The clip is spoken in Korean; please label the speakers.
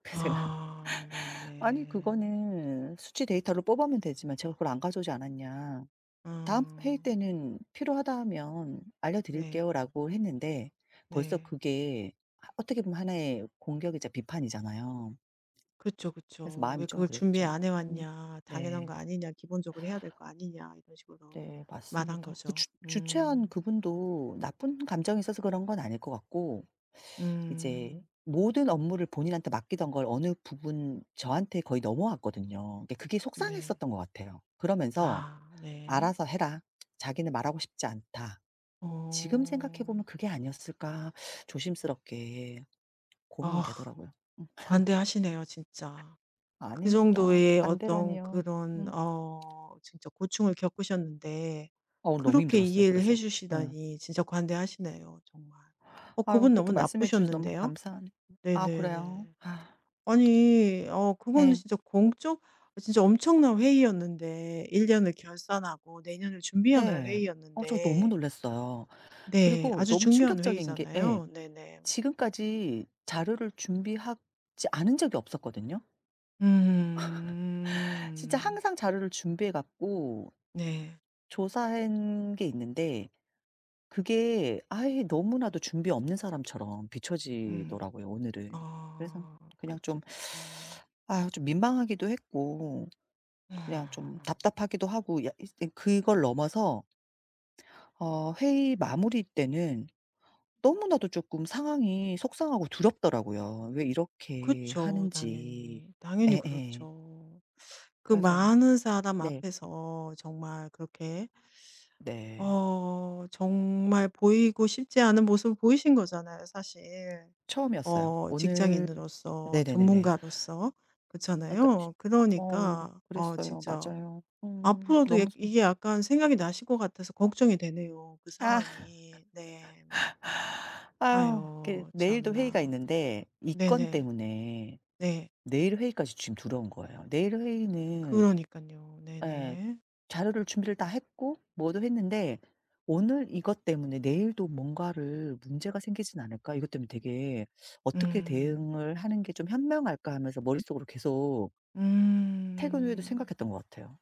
Speaker 1: 그래서 제가
Speaker 2: 아
Speaker 1: "아니
Speaker 2: 네네.
Speaker 1: 그거는 수치 데이터로 뽑아오면 되지만 제가 그걸 안 가져오지 않았냐. 다음
Speaker 2: 아.
Speaker 1: 회의 때는 필요하다 하면
Speaker 2: 네.
Speaker 1: 알려드릴게요."라고 했는데 벌써
Speaker 2: 네.
Speaker 1: 그게 어떻게 보면 하나의 공격이자 비판이잖아요.
Speaker 2: 그쵸,
Speaker 1: 그래서
Speaker 2: 그쵸. "왜
Speaker 1: 마음이 좀
Speaker 2: 그걸 준비
Speaker 1: 그랬죠.
Speaker 2: 안 해
Speaker 1: 음
Speaker 2: 왔냐 당연한
Speaker 1: 네.
Speaker 2: 거 아니냐 기본적으로 해야 될 거 아니냐." 이런 식으로
Speaker 1: 네
Speaker 2: 말한
Speaker 1: 맞습니다. 그
Speaker 2: 거죠.
Speaker 1: 주 주최한
Speaker 2: 음.
Speaker 1: 그분도 나쁜 감정이 있어서 그런 건 아닐 것 같고 이제
Speaker 2: 음.
Speaker 1: 모든 업무를 본인한테 맡기던 걸 어느 부분 저한테 거의 넘어왔거든요. 그러니까 그게
Speaker 2: 네.
Speaker 1: 속상했었던 것 같아요. 그러면서
Speaker 2: 아 네.
Speaker 1: 알아서 해라. 자기는 말하고 싶지 않다. 지금 생각해
Speaker 2: 어.
Speaker 1: 보면 그게 아니었을까 조심스럽게 고민이
Speaker 2: 아
Speaker 1: 되더라고요. 음.
Speaker 2: 관대하시네요 진짜. 그
Speaker 1: 아닙니다.
Speaker 2: 정도의 어떤
Speaker 1: 관대라니요.
Speaker 2: 그런
Speaker 1: 음.
Speaker 2: 어 진짜 고충을 겪으셨는데
Speaker 1: 아 오늘 너무
Speaker 2: 그렇게
Speaker 1: 힘들었어요
Speaker 2: 이해를 해
Speaker 1: 그래서. 음.
Speaker 2: 주시다니 진짜 관대하시네요 정말. 어
Speaker 1: 아유
Speaker 2: 그분
Speaker 1: 그렇게
Speaker 2: 너무
Speaker 1: 말씀해주셔서 너무
Speaker 2: 나쁘셨는데요.
Speaker 1: 감사하네 아 그래요?
Speaker 2: 네네네.
Speaker 1: 아.
Speaker 2: 아니 어 그거는
Speaker 1: 예.
Speaker 2: 진짜 공적 아 진짜 엄청난 회의였는데 1 년을 결산하고 내년을 준비하는
Speaker 1: 네. 어 저 너무
Speaker 2: 회의였는데
Speaker 1: 놀랐어요.
Speaker 2: 네.
Speaker 1: 그리고
Speaker 2: 아주
Speaker 1: 너무
Speaker 2: 중요한
Speaker 1: 충격적인 게 예
Speaker 2: 회의잖아요. 네네.
Speaker 1: 지금까지 자료를 준비하지 않은 적이 없었거든요. 진짜
Speaker 2: 음.
Speaker 1: 항상 자료를 준비해 갖고
Speaker 2: 네.
Speaker 1: 조사한 게 있는데 그게 아예 너무나도 준비 없는 사람처럼
Speaker 2: 음.
Speaker 1: 비춰지더라고요 오늘은. 그래서
Speaker 2: 아
Speaker 1: 그냥 좀
Speaker 2: 그쵸, 그쵸.
Speaker 1: 아유 좀 민망하기도 했고 그냥 좀
Speaker 2: 아.
Speaker 1: 답답하기도 하고 약 이제 그걸 넘어서 어 회의 마무리 때는 너무나도 쪼끔 상황이 속상하고 두렵더라고요. 왜 이렇게
Speaker 2: 그쵸
Speaker 1: 하는지.
Speaker 2: 당연히. 당연히
Speaker 1: 예예.
Speaker 2: 그렇죠. 그
Speaker 1: 그래서
Speaker 2: 많은 사람
Speaker 1: 네.
Speaker 2: 앞에서 정말 그렇게
Speaker 1: 네.
Speaker 2: 어 정말 보이고 싶지 않은 모습을 보이신 거잖아요 사실.
Speaker 1: 처음이었어요.
Speaker 2: 어
Speaker 1: 오늘
Speaker 2: 직장인으로서
Speaker 1: 네네네네.
Speaker 2: 전문가로서.
Speaker 1: 아 그러니까 치
Speaker 2: 그렇잖아요.
Speaker 1: 어
Speaker 2: 그러니까 어
Speaker 1: 그랬어요.
Speaker 2: 진짜
Speaker 1: 맞아요. 음
Speaker 2: 앞으로도 약
Speaker 1: 너무 속
Speaker 2: 이게 약간 생각이 나실 것 같아서 걱정이 되네요, 그
Speaker 1: 아.
Speaker 2: 상황이. 네.
Speaker 1: 아유 이렇게
Speaker 2: 아유
Speaker 1: 내일도 회의가
Speaker 2: 참나.
Speaker 1: 있는데 이 건
Speaker 2: 네네.
Speaker 1: 때문에
Speaker 2: 네.
Speaker 1: 내일 회의까지 지금 두려운 거예요. 내일 회의는
Speaker 2: 그러니깐요.
Speaker 1: 예
Speaker 2: 네네.
Speaker 1: 자료를 준비를 다 했고 뭐도 했는데 '오늘 이것 때문에 내일도 뭔가를 문제가 생기진 않을까.' 이것 때문에 되게 '어떻게
Speaker 2: 음.
Speaker 1: 대응을 하는 게 좀 현명할까.' 하면서 머릿속으로 계속 퇴근 후에도
Speaker 2: 음.
Speaker 1: 생각했던 것 같아요.